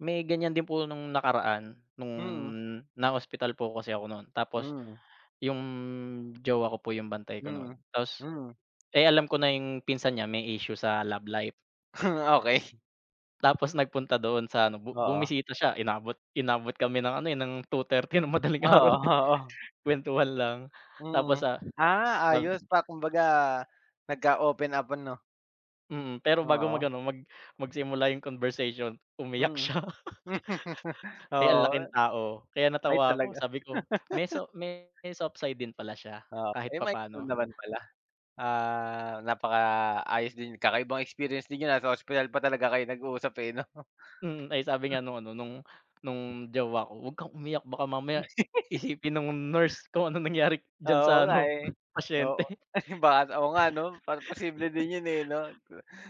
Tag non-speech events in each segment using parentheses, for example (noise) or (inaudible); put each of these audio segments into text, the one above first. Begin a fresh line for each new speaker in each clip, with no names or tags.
May ganyan din po nung nakaraan nung
Mm.
na-hospital po kasi ako nun, tapos
Mm.
yung jowa ko po yung bantay ko no'n.
Mm,
Tapos
mm.
eh, alam ko na yung pinsan niya may issue sa love life.
(laughs) Okey.
Tapos nagpunta do'n sa ano bu
Oo.
bumisita siya inabot inabot kami ng ano, eh, ng 2:30 ng madaling
Oo,
araw eh,
oo.
kuwentuhan lang tapos
Mm.
sa
Ah,
ab
ayos pa kumbaga nagka-open up ano?
Mm, pero bago mag
Oo.
ano mag magsimula yung conversation, umiyak
Mm.
siya.
(laughs)
(laughs) Eh, ang
Oo,
laking
eh.
tao, kaya
Ay
natawa ako,
talaga?
sabi ko, may
(laughs)
so may soft side din pala siya
Oo,
kahit
(unintelligible)
papaano.
naman pala. Ah, napakaayos din. Kakaibang experience din yun ah, sa hospital pa talaga kayo nag-usap eh, 'no?
Mm. Ay, sabi nga nung ano, nung nung jowa ko, "'Wag kang umiyak baka mamaya
(giggles)
isipin nung nurse kung anong nangyari diyan sa
Oo, nga
ano
eh.
pasyente."
Oo,
(laughs)
baka, oo nga ano, parang posible din yun eh, no?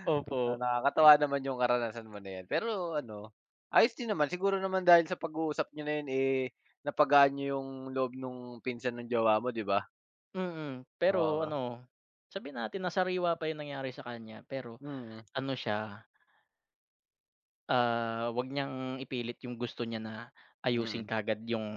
Opo.
Nakakatawa naman yung karanasan mo na yan. Pero ano, ayos din naman siguro naman dahil sa pag-uusap niyo na yan, eh, napagaan niyo yung loob nung pinsan ng jowa mo, di ba?
Mm. Pero
Oo.
ano, sabihin natin na sariwa pa yung nangyari sa kanya, pero
Mm.
ano siya ah 'wag niyang ipilit yung gusto niya na ayusin
Mm.
kaagad yung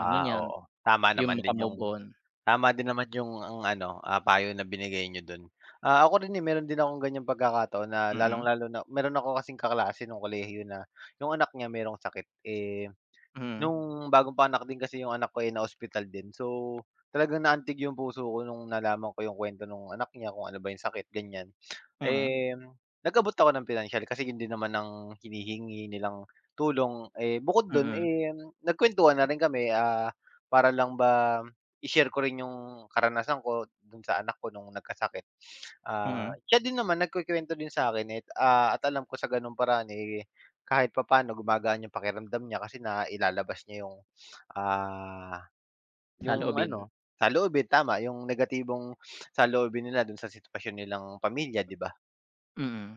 ano niya,
oo. Tama
yung
naman din yung
maka-move on.
tama din naman yung ang ano, ah, payo na binigay niyo dun. Ah, ako rin eh, meron din akong ganyang pagkakataon na
Mm.
lalong-lalo na meron ako kasing kaklase nong kolehiyo na, yung anak niya merong sakit. Eh,
Mm.
nong bagong panganak din kasi yung anak ko, eh, na hospital din, so talagang naantig yung puso ko nung nalaman ko yung kuwento no'ng anak niya, kung ano ba yung sakit ganyan.
Mm.
Eh, nag-abot ako ng pinansiyal, kasi hindi naman ng hinihingi nilang tulong, eh, bukod dun
Mm.
eh, nagkuwentuhan na rin kami, ah, para lang ba i-share ko rin yung karanasan ko dun sa anak ko nung nagkasakit. Ah,
Mm.
siya din naman nagkukwento din sa akin eh ah, at alam ko sa ganong paraan eh, kahit papaano gumagaan yung pakiramdam niya kasi nailalabas niya yung ah, yung
Saloobin.
ano saloobin. Tama, yung negatibong saloobin nila dun sa sitwasyon nilang pamilya, di ba?
Mm.